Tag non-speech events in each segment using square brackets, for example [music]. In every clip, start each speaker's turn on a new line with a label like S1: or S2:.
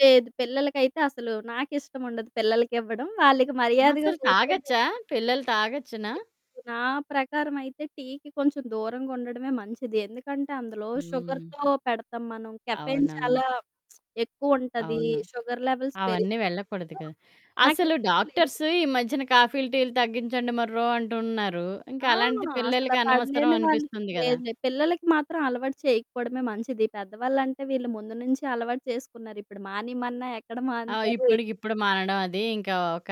S1: లేదు పిల్లలకైతే అసలు నాకిష్టముండదు పిల్లలకివ్వడం వాళ్ళకి మర్యాదగా
S2: అసలు
S1: కూర్చొని
S2: తాగొచ్చా?
S1: [unintelligible]
S2: పిల్లలు తాగొచ్చునా?
S1: నా ప్రకారం అయితే టీకి కొంచెం దూరంగుండడమే మంచిది. ఎందుకంటే అందులో
S2: హ్మ్.
S1: షుగర్‌తొ పెడతాం మనం కెఫెన్
S2: అవునవును.
S1: చాలా [smacks lips] ఎక్కువుంటది.
S2: అవును.
S1: షుగర్ లెవెల్స్
S2: అవన్నీ
S1: పెరిగిపోతాయి.
S2: వెళ్ళకూడదు
S1: సో
S2: కదా! అసలు
S1: నాకిష్టం లేదు.
S2: డాక్టర్స్‌ ఈ మధ్యన కాఫీ‌లు, టీ‌లు తగ్గించండి మొర్రో అంటున్నారు. ఇంక
S1: ఆ!
S2: అలాంటిది
S1: అసల
S2: పిల్లలకి అనవసరం
S1: పడలేని వాళ్ళు
S2: అనిపిస్తుంది గదా!
S1: లేదులే పిల్లలకి మాత్రం అలవాటు చేయకపోవడమే మంచిది. పెద్దవాళ్ళంటే వీళ్ళు ముందు నుంచే అలవాటు చేసుకున్నారు. ఇప్పుడు మానేయమన్నా ఎక్కడ
S2: ఆ!
S1: మానుతారు.
S2: ఇప్పడికిప్పుడు మానడం అది ఇంకా ఒక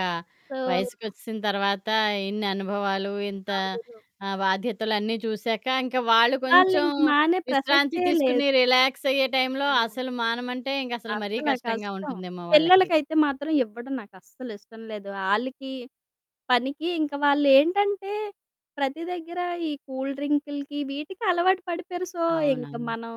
S1: సో
S2: వయసుకొచ్చేసిన తర్వాత ఇన్ని అనుభవాలు ఇంత
S1: [unintelligible]
S2: ఆహ్, బాధ్యతలన్నీ చూసాక ఇంకా వాళ్ళు కొంచెం
S1: వాళ్ళింక మానే
S2: విశ్రాంతి
S1: ప్రసక్తే లేదు.
S2: తీసుకొని రిలాక్స్ అయ్యే టైమ్‌లో
S1: ఆ!
S2: అసలు మానమంటే ఇంక అసలు మరీ
S1: అసల
S2: కష్టంగా
S1: కష్టం.
S2: ఉంటుందేమో వాళ్ళకి?
S1: పిల్లలకైతే మాత్రం ఇవ్వడం నాకస్సల ఇష్టం లేదు. ఆళ్ళకి పనికి ఇంకా వాళ్ళేంటంటే ప్రతి దెగ్గర ఈ కూల్ డ్రింక్‌లికి వీటికి అలవాటు పడిపోయారు. సో, ఇంక
S2: అవునవును.
S1: మనం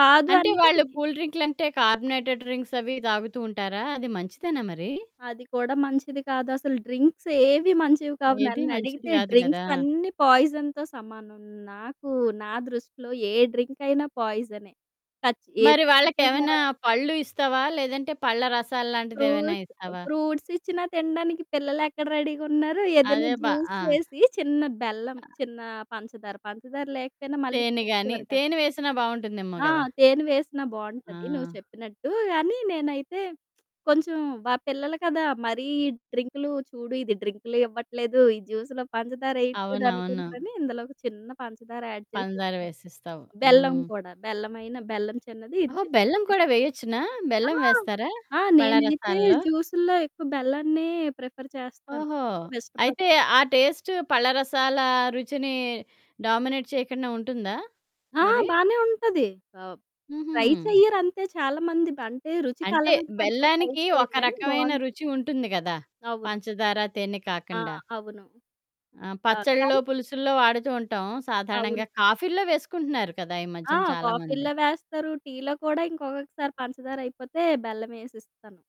S1: కాదు
S2: అంటే
S1: అని
S2: వాళ్ళు కూల్ డ్రింక్‌లంటే కార్బొనేటెడ్ డ్రింక్స్ అవి తాగుతూ ఉంటారా? అది మంచిదేనా మరి?
S1: అది కూడా మంచిది కాదసలు. డ్రింక్సేవి మంచివి కావు
S2: ఏది మంచిది
S1: నన్నడిగితే
S2: గాదు గదా!
S1: డ్రింక్స్ అన్ని పాయిజన్‌తో సమానం. నాకు నా దృష్టిలో ఏ డ్రింకయినా పాయిజనె. కచ్ ఏదో
S2: మరి
S1: రకంగా
S2: వాళ్ళకేమైనా పళ్ళు ఇస్తావా? లేదంటే పళ్ళ రసాల్లాంటిదేమన్నా
S1: ఫ్రూట్
S2: ఇస్తావా?
S1: ఫ్రూట్సిచ్చిన తినడానికి పిల్లలెక్కడ రెడీ‌గా ఉన్నారు? ఏదైనా
S2: అదె బా
S1: జ్యూస్
S2: ఆ!
S1: చేసి, చిన్న బెల్లం,
S2: ఆ!
S1: చిన్న పంచదార, పంచదార లేకపోయినా మళ్ళీ
S2: తేనె గాని,
S1: తీసుకోరు కదా!
S2: తేనె వేసినా బాగుంటుందేమో
S1: ఆ!
S2: కదా!
S1: తేనె వేసినా బావుంటది నువ్వు
S2: ఆ!
S1: చెప్పినట్టు. కానీ నేనైతే కొంచెం మా పిల్లలు కదా మరీ ఈ డ్రింకులు చూడు ఇది డ్రింకులు ఇవ్వట్లేదు ఈ జ్యూస్‌లో పంచదారేయట్లేదు
S2: అవునవును.
S1: అనుకుంటరని ఇందులో ఒక చిన్న పంచదార యాడ్ చేసి
S2: పందార
S1: ఇస్తా.
S2: వేసిస్తావు.
S1: బెల్లం
S2: హ్మ్.
S1: కూడా బెల్లమైన బెల్లం చిన్నది, ఇది
S2: ఓహో!
S1: చిన్నది
S2: బెల్లం
S1: [unintelligible]
S2: కూడా వేయొచ్చునా.
S1: ఆ!
S2: బెల్లం వేస్తారా,
S1: ఆ!
S2: పళ్ళ
S1: నేనైతే
S2: రసాల్లో?
S1: జ్యూసుల్లో ఎక్కువ బెల్లాన్నే ప్రిఫర్ చేస్తాను.
S2: ఓహో! అయితే
S1: ఎక్కువిష్టపడతాను.
S2: ఆ టేస్ట్ పళ్ళ‌రసాల రుచిని డామినేట్ చేయకుండా ఉంటుందా?
S1: ఆ!
S2: మరి?
S1: బాగానే ఉంటది. ఆ ట్రై
S2: హుహు.
S1: చెయ్యరు అంతే చాలామంది అంటే రుచికి
S2: అంటే
S1: అలవాటు పడితే ట్రై
S2: బెల్లానికి ఒక
S1: చేయరు కానీ
S2: రకమైన రుచి
S1: బావుంటది.
S2: ఉంటుంది గదా,
S1: అవును.
S2: పంచదార తేనె
S1: ఆ!
S2: కాకండా.
S1: అవును
S2: ఆ
S1: ఆహ్,
S2: పచ్చల్లో,
S1: కానీ
S2: పులుసుల్లో వాడుతూ ఉంటాం. సాధారణంగా
S1: అవును.
S2: కాఫీల్లో వేసుకుంటున్నారు కదా ఈ
S1: ఆ!
S2: మధ్యన చాలా మంది.
S1: కాఫీలో వేస్తారు. టీలో కూడా ఇంకొకసారి పంచదారయిపోతే బెల్లమేసిస్తాను.